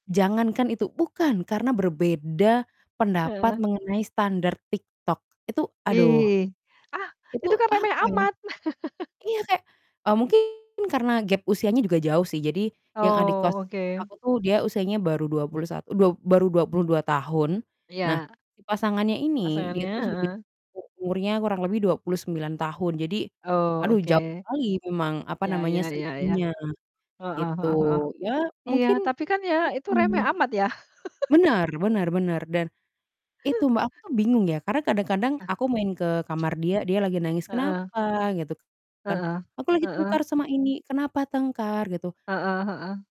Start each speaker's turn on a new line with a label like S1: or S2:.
S1: Jangankan itu, bukan, karena berbeda pendapat
S2: Heeh.
S1: mengenai standar TikTok, itu, aduh.
S2: Ih, ah,
S1: Itu,
S2: itu kan remeh
S1: apa ya
S2: amat.
S1: iya kayak, eee, mungkin karena gap usianya juga jauh sih, jadi yang adik kos
S2: Oh, oke.
S1: aku tuh dia usianya baru 21 duap baru 22 tahun. Nah,
S2: Iya.
S1: si pasangannya ini dia
S2: Pasangannya,
S1: tuh sudah
S2: heeh.
S1: umurnya kurang lebih 29 tahun. Jadi,
S2: Oh,
S1: aduh
S2: oke.
S1: jauh sekali memang, apa
S2: Iya iya
S1: namanya,
S2: iya iya,
S1: selisihnya,
S2: heeh
S1: gitu.
S2: heeh heeh.
S1: Iya
S2: Iya,
S1: mungkin
S2: tapi kan ya itu remeh
S1: mhm,
S2: amat ya?
S1: Benar benar benar, dan itu Mbak, aku tuh bingung ya, karena kadang-kadang
S2: Ah.
S1: aku main ke kamar dia, dia lagi nangis,
S2: Heeh.
S1: "Kenapa?" Gitu kan,
S2: Heeh,
S1: "Aku lagi tengkar
S2: heeh.
S1: sama ini," "Kenapa tengkar?" Gitu.
S2: Heeh heeh.